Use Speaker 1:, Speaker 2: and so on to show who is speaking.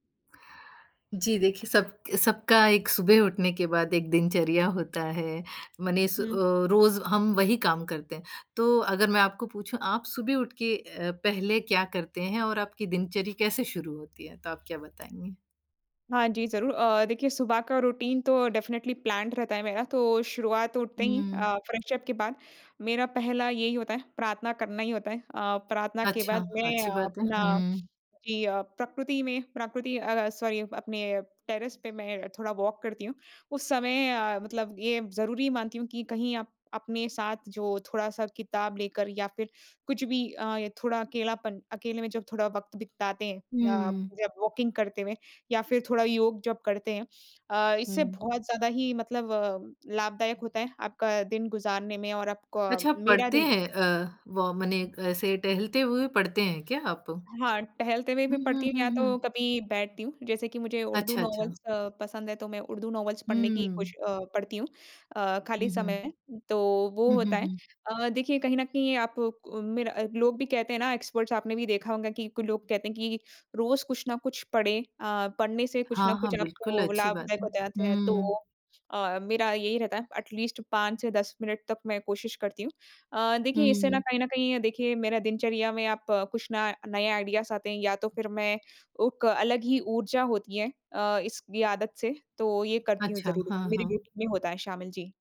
Speaker 1: जी, देखिए सब सबका एक सुबह उठने के बाद एक दिनचर्या होता है। मनीस अ,
Speaker 2: हुँ।
Speaker 1: रोज़ हम वही काम करते हैं, तो अगर मैं आपको पूछूँ, आप सुबह उठ के अ, पहले क्या करते हैं और आपकी दिनचर्या कैसे शुरू होती है, तो आप क्या बताएँगे?
Speaker 2: हाँ जी ज़रूर। अ, देखिए सुबह का रूटीन तो डेफिनिटली प्लान्ड रहता है मेरा तो शुरुआत उठते ही
Speaker 1: हुँ।
Speaker 2: अ, फ्रेश अप के बाद मेरा पहला यही होता है, प्रार्थना करना ही होता है। अ, प्रार्थना के बाद
Speaker 1: अच्छा।
Speaker 2: मैं
Speaker 1: अच्छी बात है।
Speaker 2: अपना
Speaker 1: हुँ।
Speaker 2: जी अ, प्रकृति में प्रकृति अ अ, सॉरी अपने टेरेस पे मैं थोड़ा वॉक करती हूँ। उस समय अ, मतलब ये ज़रूरी मानती हूँ कि कहीं आप अपने साथ जो थोड़ा-सा किताब लेकर या फिर कुछ भी अ, थोड़ा अकेलापन अकेले में जब थोड़ा वक़्त बिताते हैं अ,
Speaker 1: हुँ।
Speaker 2: जब वॉकिंग करते हुए या फिर थोड़ा योग जब करते हैं। अ, इससे
Speaker 1: हुँ।
Speaker 2: बहुत ज़्यादा ही मतलब लाभदायक होता है आपका दिन गुज़ारने में और आपका
Speaker 1: अच्छा,
Speaker 2: मेरा
Speaker 1: पढ़ते
Speaker 2: दिन
Speaker 1: हैं अ, वो मने ऐसे टहलते हुए पढ़ते हैं क्या आप? हुँ,
Speaker 2: हाँ, टहलते हुए भी पढ़ती
Speaker 1: हुँ,
Speaker 2: हूँ या
Speaker 1: हुँ,
Speaker 2: तो
Speaker 1: हुँ।
Speaker 2: कभी बैठती हूँ। जैसे कि मुझे उर्दू
Speaker 1: अच्छा, अच्छा।
Speaker 2: नोवेल्स अ, पसंद है तो मैं उर्दू नोवेल्स पढ़ने की
Speaker 1: हुँ।
Speaker 2: कोश अ, पढ़ती हूँ अ, खाली
Speaker 1: हुँ, हुँ।
Speaker 2: समय, तो वो
Speaker 1: हुँ, हुँ,
Speaker 2: होता है।
Speaker 1: हुँ।
Speaker 2: अ, देखिए कहीं न कहीं आप कु मेरा लोग भी कहते हैं ना, एक्सपर्ट्स आपने भी देखा होंगा कि लोग कहते हैं कि रोज़ कुछ ना कुछ पढ़ें अ, पढ़ने से कुछ ना
Speaker 1: हाँ,
Speaker 2: कुछ
Speaker 1: हाँ बिल्कुल।
Speaker 2: आपको
Speaker 1: अच्छी बात
Speaker 2: लाभदायक
Speaker 1: है।
Speaker 2: हो जाते हैं तो
Speaker 1: हुँ।
Speaker 2: अ, मेरा यही रहता है एट लीस्ट 5 से 10 मिनट तक मैं कोशिश करती हूँ। अ, देखिए इससे ना
Speaker 1: हुँ।
Speaker 2: कहीं न कहीं देखिए मेरा दिनचर्या में आप कुछ ना नए आइडियाज़ आते हैं या तो फिर मैं उक अलग ही ऊर्जा होती है अ, इसकी आदत से, तो ये करती हूँ
Speaker 1: अच्छा।
Speaker 2: ज़रूर।
Speaker 1: हाँ,
Speaker 2: मेरे
Speaker 1: हाँ।
Speaker 2: रूटीन में होता है शामिल। जी।